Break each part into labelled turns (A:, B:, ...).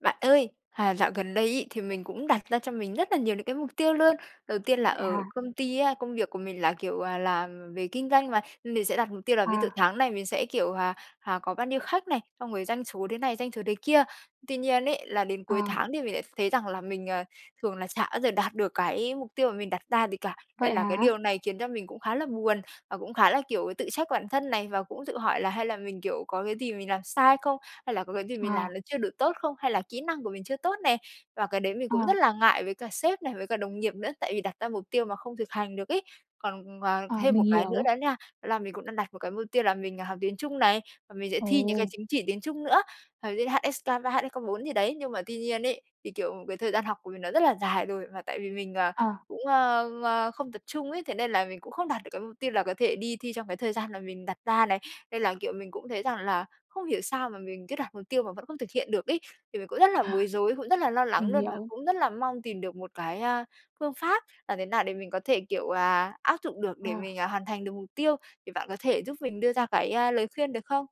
A: Bạn ơi, à, dạo gần đây ấy thì mình cũng đặt ra cho mình rất là nhiều những cái mục tiêu luôn. Đầu tiên là
B: Vậy
A: ở
B: hả?
A: công ty á, công việc của mình là, kiểu, à, làm về kinh doanh mà, mình sẽ đặt mục tiêu là ví dụ
B: À.
A: tháng này mình sẽ, kiểu, à, à, có bao nhiêu khách này, xong rồi doanh số thế này, doanh số thế kia. Tuy nhiên ấy là đến cuối
B: À.
A: tháng thì mình lại thấy rằng là mình, ờ, thường là xả bao giờ đạt được cái mục tiêu mà mình đặt ra gì cả, nên
B: Vậy
A: là cái
B: hả?
A: điều này khiến cho mình cũng khá là buồn và cũng khá là, kiểu, tự trách bản thân này và cũng tự hỏi là hay là mình, kiểu, có cái gì mình làm sai không, hay là có cái gì mình
B: Ờ.
A: làm nó chưa được tốt không, hay là kỹ năng của mình chưa tốt nè? Và cái đấy mình
B: Ờ.
A: cũng rất là ngại với cả sếp này, với cả đồng nghiệp nữa, tại vì đặt ra mục tiêu mà không thực hành được ấy. Còn, ờ,
B: Ờ,
A: thêm
B: mình
A: một cái nữa
B: hiểu.
A: đó nha, đó là mình cũng đang đặt một cái mục tiêu là mình học tiếng Trung này và mình sẽ thi những cái
B: Ồ.
A: chứng chỉ tiếng Trung nữa. [unintelligible] HSK 3, HSK 4 gì đấy nhưng mà tuy nhiên ấy, thì, kiểu, cái thời gian học của mình nó rất là dài rồi mà tại vì mình, à,
B: Ờ.
A: cũng, ơ, ơ, không tập trung ấy, thế nên là mình cũng không đạt được cái mục tiêu là có thể đi thi trong cái thời gian là mình đặt ra này. Nên là, kiểu, mình cũng thấy rằng là không hiểu sao mà mình cứ đặt mục tiêu mà vẫn không thực hiện được ấy, thì mình cũng rất là bối rối, cũng rất là lo lắng
B: Mình
A: luôn và
B: hiểu.
A: cũng rất là mong tìm được một cái, a, phương pháp làm thế nào để mình có thể, kiểu là, áp dụng được để
B: À.
A: mình, à, hoàn thành được mục tiêu, thì bạn có thể giúp mình đưa ra cái, ơ, lời khuyên được không?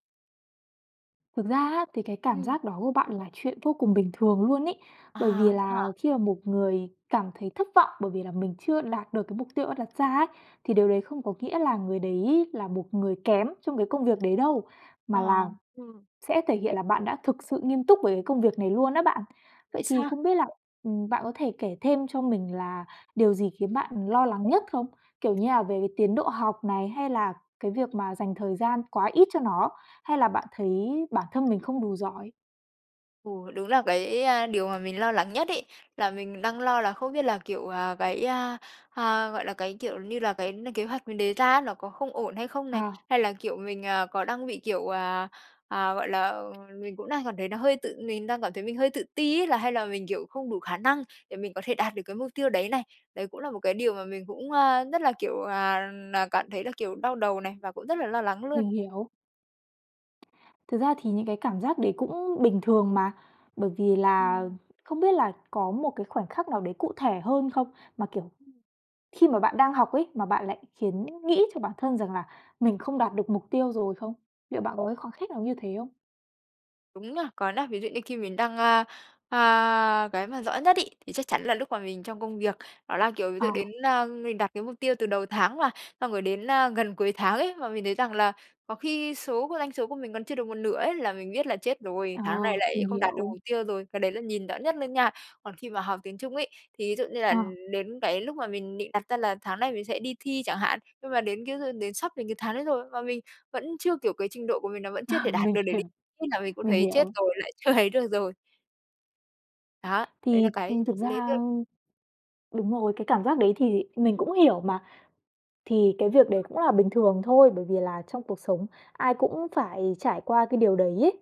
B: Thực ra á, thì cái cảm
A: Ừm.
B: giác đó của bạn là chuyện vô cùng bình thường luôn ấy,
A: À,
B: bởi vì
A: vậy
B: là
A: hả?
B: khi mà một người cảm thấy thất vọng, bởi vì là mình chưa đạt được cái mục tiêu đã đặt ra ấy, thì điều đấy không có nghĩa là người đấy là một người kém trong cái công việc đấy đâu, mà
A: Ờ,
B: là
A: ừm.
B: sẽ thể hiện là bạn đã thực sự nghiêm túc với cái công việc này luôn á bạn. Vậy
A: Vậy
B: thì
A: xa
B: không biết là, ừm, bạn có thể kể thêm cho mình là điều gì khiến bạn lo lắng nhất không? Kiểu như là về cái tiến độ học này hay là cái việc mà dành thời gian quá ít cho nó, hay là bạn thấy bản thân mình không đủ giỏi?
A: Ừ, đúng là cái, à, điều mà mình lo lắng nhất ấy, là mình đang lo là không biết là, kiểu, à, cái, à, à, gọi là, cái, kiểu như là, cái n kế hoạch mình đề ra á, nó có không ổn hay không này?
B: Ờ.
A: Hay là kiểu mình, à, có đang bị, kiểu, à, à, gọi là, mình cũng đang cảm thấy nó hơi tự mình đang cảm thấy mình hơi tự ti ấy, là hay là mình, kiểu, không đủ khả năng để mình có thể đạt được cái mục tiêu đấy này. Đấy cũng là một cái điều mà mình cũng, à, rất là, kiểu, à, à, cảm thấy là, kiểu, đau đầu này và cũng rất là lo lắng luôn.
B: Mình hiểu. Thực ra thì những cái cảm giác đấy cũng bình thường mà, bởi vì là
A: Ừm.
B: không biết là có một cái khoảnh khắc nào đấy cụ thể hơn không? Mà, kiểu,
A: Ừm.
B: khi mà bạn đang học ấy, mà bạn lại khiến nghĩ cho bản thân rằng là mình không đạt được mục tiêu rồi không? Liệu bạn có cái khoảnh khắc nào như thế không?
A: Đúng nha. Còn á ví dụ như khi mình đang, a, à cái mà rõ nhất ấy, thì chắc chắn là lúc mà mình trong công việc. Đó là kiểu ví
B: Ờ.
A: dụ đến, ờ mình đặt cái mục tiêu từ đầu tháng mà, xong rồi đến, a, gần cuối tháng ấy, mà mình thấy rằng là có khi số cái doanh số của mình còn chưa được một nửa ấy là mình biết là "Chết rồi!
B: Ờ,
A: Tháng này lại
B: mình
A: không đạt được
B: hiểu.
A: mục tiêu rồi", cái đấy là nhìn rõ nhất luôn nha. Còn khi mà học tiếng Trung ấy, thì ví dụ như là
B: Ờ.
A: đến cái lúc mà mình định đặt ra là tháng này mình sẽ đi thi chẳng hạn, nhưng mà đến cái hư đến sắp đến cái tháng đấy rồi mà mình vẫn chưa kiểu, cái trình độ của mình nó vẫn
B: Ờ,
A: chưa thể đạt
B: mình
A: được để
B: hiểu,
A: đi thi là mình cũng
B: mình
A: thấy: "Chết
B: hiểu.
A: rồi! Lại chưa thấy được rồi." Đó, đấy là
B: Thì,
A: cái
B: ừm, thực
A: lấy
B: ra
A: được.
B: đúng rồi, cái cảm giác đấy thì mình cũng hiểu mà, thì cái việc đấy cũng là bình thường thôi, bởi vì là trong cuộc sống ai cũng phải trải qua cái điều đấy ấy.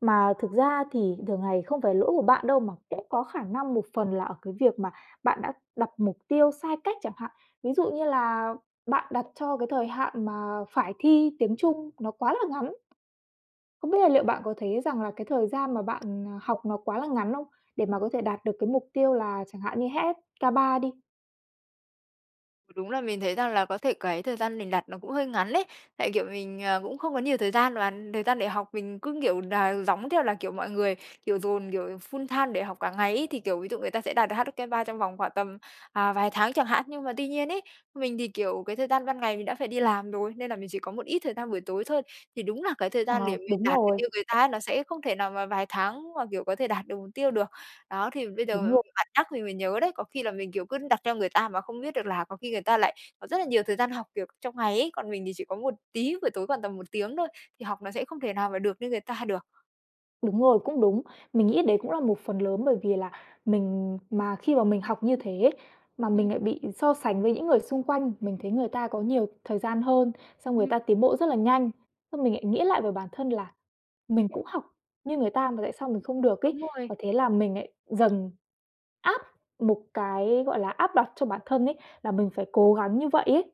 B: Mà thực ra thì thường ngày không phải lỗi của bạn đâu, mà cũng có khả năng một phần là ở cái việc mà bạn đã đặt mục tiêu sai cách chẳng hạn. Ví dụ như là bạn đặt cho cái thời hạn mà phải thi tiếng Trung nó quá là ngắn. Không biết là liệu bạn có thấy rằng là cái thời gian mà bạn, à, học nó quá là ngắn không, để mà có thể đạt được cái mục tiêu là chẳng hạn như HSK3 đi?
A: Đúng là mình thấy rằng là có thể cái thời gian mình đặt nó cũng hơi ngắn ấy, tại, kiểu, mình, ờ, cũng không có nhiều thời gian và thời gian để học mình cứ, kiểu, nà giống theo là, kiểu, mọi người, kiểu dồn, kiểu, full-time để học cả ngày ấy. Thì, kiểu, ví dụ người ta sẽ đạt được HSK 3 trong vòng khoảng tầm, à vài tháng chẳng hạn, nhưng mà tuy nhiên ấy, mình thì, kiểu, cái thời gian ban ngày mình đã phải đi làm rồi, nên là mình chỉ có một ít thời gian buổi tối thôi, thì đúng là cái thời gian
B: Ờ,
A: để mình
B: đúng
A: đạt được
B: rồi.
A: như người ta ấy nó sẽ không thể nào mà vài tháng mà, kiểu, có thể đạt được mục tiêu được. Đó, thì bây giờ
B: Đúng rồi.
A: bạn nhắc thì mới nhớ đấy, có khi là mình, kiểu, cứ đặt theo người ta mà không biết được là có khi người ta lại có rất là nhiều thời gian học, kiểu, trong ngày ấy, còn mình thì chỉ có một tí buổi tối khoảng tầm 1 tiếng thôi thì học nó sẽ không thể nào mà được như người ta được.
B: Đúng rồi, cũng đúng! Mình nghĩ đấy cũng là một phần lớn bởi vì là mình mà khi mà mình học như thế ấy, mà
A: Ừm.
B: mình nại bị so sánh với những người xung quanh, mình thấy người ta có nhiều thời gian hơn, xong người
A: Ừm.
B: ta tiến bộ rất là nhanh, xong mình lại nghĩ lại về bản thân là mình cũng học như người ta mà tại sao mình không được ấy
A: Đúng rồi.
B: và thế là mình nại dần áp một cái, gọi là, áp đặt cho bản thân ấy là mình phải cố gắng như vậy ấy.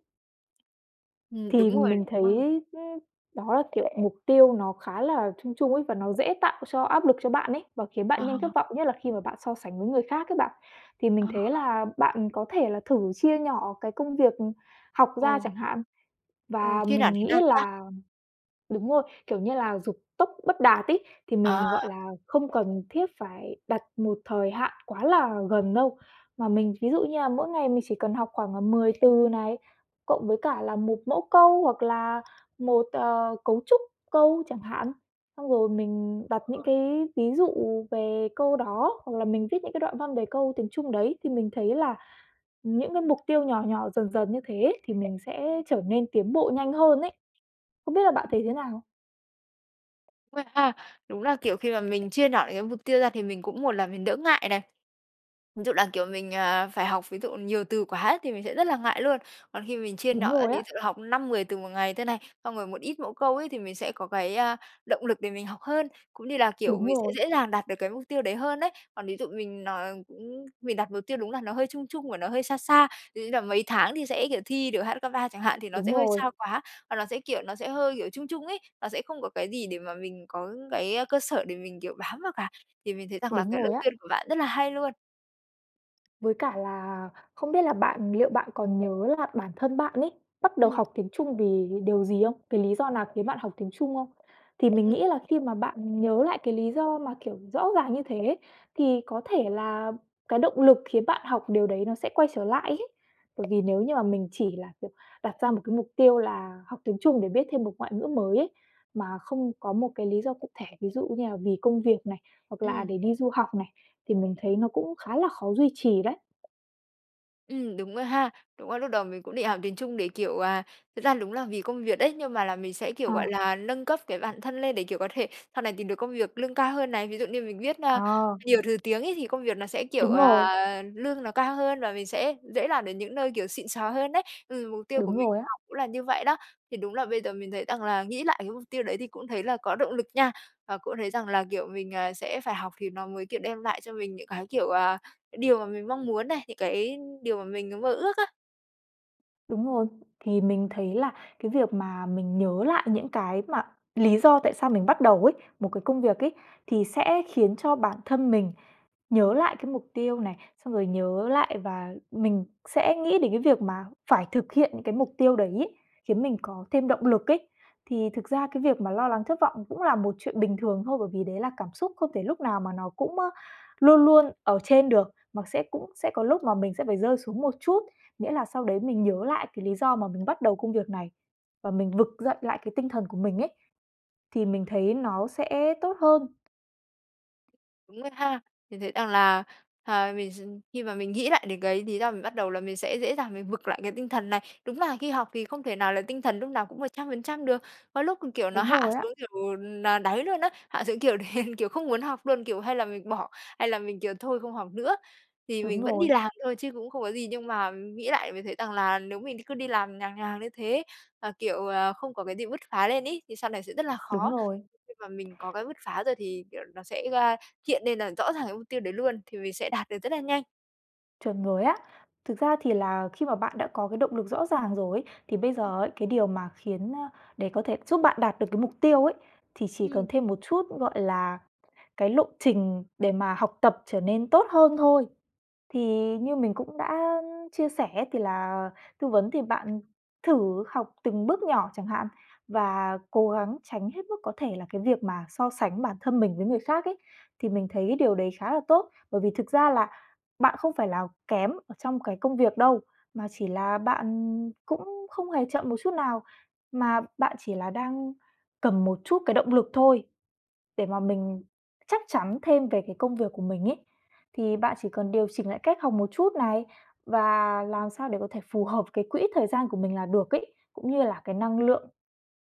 A: Ừm,
B: Thì
A: đúng rồi
B: mình thấy
A: [unintelligible]
B: ưm, đó, tỉ lệ mục tiêu nó khá là chung chung ấy và nó dễ tạo cho áp lực cho bạn ấy và khiến
A: Ờ.
B: bạn nhanh thất vọng, nhất là khi mà bạn so sánh với người khác ấy bạn. Thì mình
A: Ờ.
B: thấy là bạn có thể là thử chia nhỏ cái công việc, ừm, học ra
A: Ồ!
B: chẳng hạn
A: Ôi,
B: và
A: Khi nản
B: mình
A: thế
B: nghĩ
A: nào ta?
B: là đúng rồi, kiểu như là dục tốc bất đạt ấy, thì
A: Ờ.
B: mình, gọi là, không cần thiết phải đặt một thời hạn quá là gần đâu mà mình ví dụ như là mỗi ngày mình chỉ cần học khoảng, ờ, 10 từ này cộng với cả là một mẫu câu, hoặc là một, ờ, cấu trúc câu chẳng hạn, xong rồi mình đặt những
A: [unintelligible]
B: cái ví dụ về câu đó, hoặc là mình viết những cái đoạn văn về câu tiếng Trung đấy, thì mình thấy là những cái mục tiêu nhỏ nhỏ, dần dần như thế ấy thì mình sẽ trở nên tiến bộ nhanh hơn ấy. Không biết là bạn thấy thế nào?
A: [unintelligible] ha. Đúng là, kiểu, khi mà mình chia nhỏ cái mục tiêu ra thì mình cũng một là mình đỡ ngại này. Ví dụ là, kiểu, mình, ờ, phải học ví dụ nhiều từ quá thì mình sẽ rất là ngại luôn. Còn khi mà mình chia
B: Đúng
A: nhỏ ra,
B: rồi á.
A: ví dụ học 5, 10 từ một ngày thôi này, xong rồi một ít mẫu câu ấy, thì mình sẽ có cái, a, động lực để mình học hơn, cũng như là, kiểu,
B: Đúng
A: mình sẽ
B: rồi.
A: dễ dàng đạt được cái mục tiêu đấy hơn ấy. Còn ví dụ mình nòi ừm, mình đặt mục tiêu đúng là nó hơi chung chung và nó hơi xa xa, ví dụ như là mấy tháng thì sẽ, kiểu, thi được HSK 3 chẳng hạn, thì nó
B: Đúng
A: sẽ hơi
B: rồi.
A: xa quá, và nó sẽ, kiểu, nó sẽ hơi, kiểu, chung chung ấy, nó sẽ không có cái gì để mà mình có cái, ơ, cơ sở để mình, kiểu, bám vào cả. Thì mình thấy rằng là
B: Đúng
A: cái
B: rồi
A: lời
B: á.
A: khuyên của bạn rất là hay luôn.
B: Với cả là không biết là bạn liệu bạn còn nhớ là bản thân bạn ấy bắt đầu
A: Ừm.
B: học tiếng Trung vì điều gì không? Cái lý do nào khiến bạn học tiếng Trung không? Thì mình
A: Ừm
B: nghĩ là
A: [unintelligible]
B: khi mà bạn nhớ lại cái lý do mà, kiểu, rõ ràng như thế, thì có thể là cái động lực khiến bạn học, điều đấy nó sẽ quay trở lại ấy, bởi vì nếu như mà mình chỉ là, kiểu, đặt ra một cái mục tiêu là học tiếng Trung để biết thêm một ngoại ngữ mới ấy, mà không có một cái lý do cụ thể, ví dụ như là vì công việc này, hoặc là
A: Ừm.
B: để đi du học này, thì mình thấy nó cũng khá là khó duy trì đấy.
A: Ừm, đúng rồi ha, đúng là lúc đầu mình cũng định học tiếng Trung để, kiểu, à, thực ra đúng là vì công việc ấy, nhưng mà là mình sẽ, kiểu,
B: Ờ.
A: gọi là, nâng cấp cái bản thân lên, để, kiểu, có thể sau này tìm được công việc lương cao hơn này. Ví dụ như mình biết, a,
B: Ờ.
A: nhiều thứ tiếng ấy, thì công việc nó sẽ, kiểu,
B: Đúng rồi.
A: ờ, lương nó cao hơn và mình sẽ dễ làm đến những nơi, kiểu, xịn sò hơn đấy, ừm, mục tiêu của
B: Đúng
A: mình
B: rồi á.
A: học cũng là như vậy đó. Thì đúng là bây giờ mình thấy rằng là, nghĩ lại cái mục tiêu đấy thì cũng thấy là có động lực nha. Và cũng thấy rằng là, kiểu, mình, ờ, sẽ phải học thì nó mới, kiểu, đem lại cho mình những cái, kiểu, ờ, điều mà mình mong muốn này, những cái điều mà mình mơ ước á.
B: Đúng rồi, thì mình thấy là cái việc mà mình nhớ lại những cái mà lý do tại sao mình bắt đầu ấy, một cái công việc ấy, thì sẽ khiến cho bản thân mình nhớ lại cái mục tiêu này, xong rồi nhớ lại và mình sẽ nghĩ đến cái việc mà phải thực hiện những cái mục tiêu đấy ấy, khiến mình có thêm động lực ấy. Thì thực ra cái việc mà lo lắng, thất vọng cũng là một chuyện bình thường thôi. Bởi vì đấy là cảm xúc không thể lúc nào mà nó cũng, ơ, luôn luôn ở trên được, mà sẽ cũng sẽ có lúc mà mình sẽ phải rơi xuống một chút. Nghĩa là sau đấy mình nhớ lại cái lý do mà mình bắt đầu công việc này và mình vực dậy lại cái tinh thần của mình ấy, thì mình thấy nó sẽ tốt hơn.
A: Đúng rồi ha, mình thấy rằng là, à, mình s khi mà mình nghĩ lại đến cái lý do mình bắt đầu là mình sẽ dễ dàng mình vực lại cái tinh thần này. Đúng là khi học thì không thể nào là tinh thần lúc nào cũng 100% được. Có lúc, kiểu, nó
B: Đúng
A: hạ
B: rồi á.
A: xuống, kiểu, ừm, ờ, đáy luôn á, hạ xuống, kiểu, đen, kiểu, không muốn học luôn, kiểu, hay là mình bỏ hay là mình, kiểu, thôi không học nữa, thì
B: Đúng
A: mình vẫn
B: rồi.
A: đi làm thôi chứ cũng không có gì. Nhưng mà nghĩ lại mới thấy rằng là nếu mình cứ đi làm nhàn nhàn như thế, mà, kiểu, ờ, không có cái gì bứt phá lên ấy, thì sau này sẽ rất là
B: Đúng
A: khó.
B: rồi.
A: Khi mà mình có cái bứt phá rồi thì, kiểu, nó sẽ, a, hiện lên là rõ ràng cái mục tiêu đấy luôn thì mình sẽ đạt được rất là nhanh.
B: Chuẩn rồi á. Thực ra thì là khi mà bạn đã có cái động lực rõ ràng rồi ấy, thì bây giờ ấy cái điều mà khiến, ơ, để có thể giúp bạn đạt được cái mục tiêu ấy thì chỉ cần
A: Ừm.
B: thêm một chút, gọi là, cái lộ trình để mà học tập trở nên tốt hơn thôi. Thì như mình cũng đã, ưm, chia sẻ thì là tư vấn thì bạn thử học từng bước nhỏ chẳng hạn, và cố gắng tránh hết mức có thể là cái việc mà so sánh bản thân mình với người khác ấy, thì mình thấy điều đấy khá là tốt. Bởi vì thực ra là bạn không phải là kém ở trong cái công việc đâu, mà chỉ là bạn cũng không hề chậm một chút nào, mà bạn chỉ là đang cần một chút cái động lực thôi. Để mà mình chắc chắn thêm về cái công việc của mình ấy, thì bạn chỉ cần điều chỉnh lại cách học một chút này và làm sao để có thể phù hợp cái quỹ thời gian của mình là được ấy, cũng như là cái năng lượng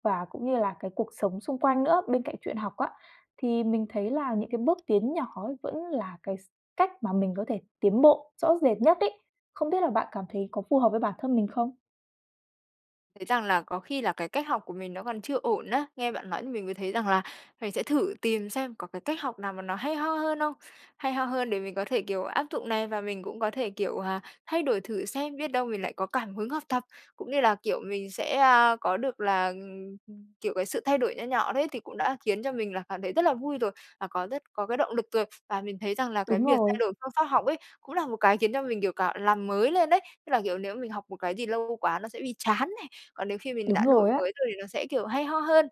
B: và cũng như là cái cuộc sống xung quanh nữa bên cạnh chuyện học á. Thì mình thấy là những cái bước tiến nhỏ ấy vẫn là cái s cách mà mình có thể tiến bộ rõ rệt nhất ấy. Không biết là bạn cảm thấy có phù hợp với bản thân mình không?
A: Thấy rằng là có khi là cái cách học của mình nó còn chưa ổn á, nghe bạn nói thì mình mới thấy rằng là, mình sẽ thử tìm xem có cái cách học nào mà nó hay ho hơn không? Hay ho hơn để mình có thể, kiểu, áp dụng này và mình cũng có thể, kiểu, à, thay đổi thử xem biết đâu mình lại có cảm hứng học tập. Cũng như là, kiểu, mình sẽ, a, có được là, ừm, kiểu, cái sự thay đổi nho nhỏ đấy, thì cũng đã khiến cho mình là cảm thấy rất là vui rồi, và có rất có cái động lực rồi. Và mình thấy rằng là cái
B: Đúng
A: việc thay
B: rồi.
A: đổi phương pháp học ấy, cũng là một cái khiến cho mình, kiểu, cả làm mới lên ấy, tức là, kiểu, nếu mình học một cái gì lâu quá nó sẽ bị chán này, còn nếu khi mình
B: Đúng
A: đã đổi
B: rồi á.
A: mới rồi thì nó sẽ, kiểu, hay ho hơn.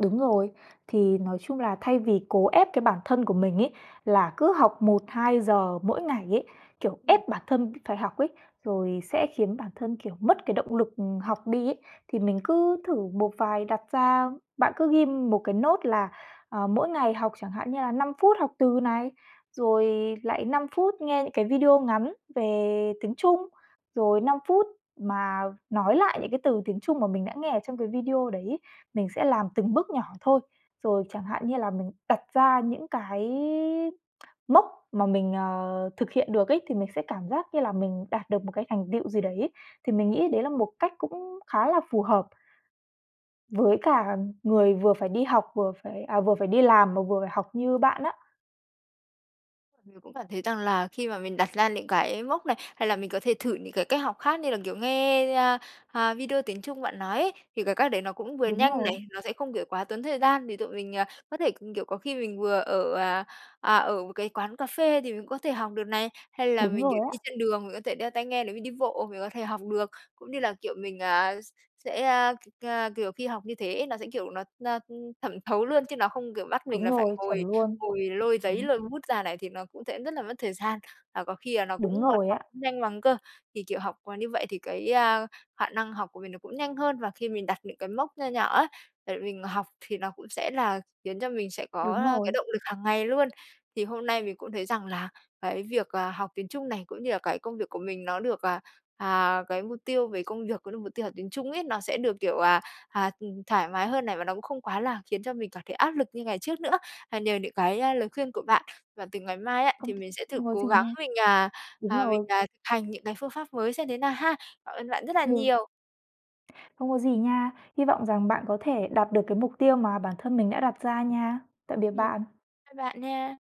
B: Đúng rồi. Thì nói chung là thay vì cố ép cái bản thân của mình ấy, là cứ học 1:00-2:00 mỗi ngày ấy, kiểu,
A: Ừm.
B: ép bản thân cứ phải học ấy, rồi sẽ khiến bản thân, kiểu, mất cái động lực, ừm, học đi ấy. Thì mình cứ thử một vài đặt ra bạn cứ ghim một cái note là, ờ, mỗi ngày học chẳng hạn như là 5 phút học từ này, rồi lại 5 phút nghe những cái video ngắn về tiếng Trung, rồi 5 phút mà nói lại những cái từ tiếng Trung mà mình đã nghe ở trong cái video đấy ấy, mình sẽ làm từng bước nhỏ thôi. Rồi chẳng hạn như là mình đặt ra những cái mốc mà mình, ờ, thực hiện được ấy, thì mình sẽ cảm giác như là mình đạt được một cái thành tựu gì đấy. Thì mình nghĩ đấy là một cách cũng khá là phù hợp với cả người vừa phải đi học vừa phải à, vừa phải đi làm mà vừa phải học như bạn á.
A: Mình cũng cảm thấy rằng là khi mà mình đặt ra những cái mốc này, hay là mình có thể thử những cái cách học khác như là, kiểu, nghe, a, à, video tiếng Trung bạn nói ấy, thì cái cách đấy nó cũng vừa
B: Đúng
A: nhanh
B: rồi.
A: này, nó sẽ không, kiểu, quá tốn thời gian để tụi mình, ờ, có thể c kiểu, có khi mình vừa ở, à, à, ở một cái quán cà phê thì mình cũng có thể học được này, hay là
B: Đúng
A: mình, kiểu,
B: rồi
A: đi
B: á.
A: trên đường, mình có thể đeo tai nghe nếu mình đi bộ mình có thể học được. Cũng như là, kiểu, mình, à, s sẽ, a, k à, kiểu, khi học như thế nó sẽ kiểu nó n ừm, thẩm thấu luôn, chứ nó không, kiểu, bắt mình
B: Đúng
A: là phải
B: rồi, chuẩn
A: ngồi
B: luôn!
A: ngồi lôi giấy
B: Đúng.
A: lôi bút ra này, thì nó cũng sẽ rất là mất thời gian, và có khi là nó cũng
B: Đúng
A: còn
B: rồi á.
A: học không nhanh bằng cơ. Thì kiểu học như vậy thì cái, a, khả năng học của mình nó cũng nhanh hơn, và khi mình đặt những cái mốc nho nhỏ ấy để mình học thì nó cũng sẽ là khiến cho mình sẽ có,
B: Đúng
A: a, cái
B: rồi.
A: động lực hàng ngày luôn. Thì hôm nay mình cũng thấy rằng là cái việc, ờ, học tiếng Trung này, cũng như là cái công việc của mình nó được à, à, cái mục tiêu về công việc, cũng như mục tiêu học tiếng Trung ấy, nó sẽ được, kiểu, à, à, thoải mái hơn này và nó cũng không quá là khiến cho mình cảm thấy áp lực như ngày trước nữa. À, nhờ những cái, ơ, lời khuyên của bạn, và từ ngày mai á
B: Không
A: thì mình sẽ thử
B: không có
A: cố
B: gì
A: gắng
B: nha.
A: mình, à,
B: Đúng
A: à, mình,
B: rồi.
A: à, thực hành những cái phương pháp mới xem thế nào ha. Cảm ơn bạn rất là
B: Ừ.
A: nhiều!
B: Không có gì nha. Hy vọng rằng bạn có thể đạt được cái mục tiêu mà bản thân mình đã đặt ra nha. Tạm biệt
A: Ừm,
B: bạn!
A: bye bạn nha!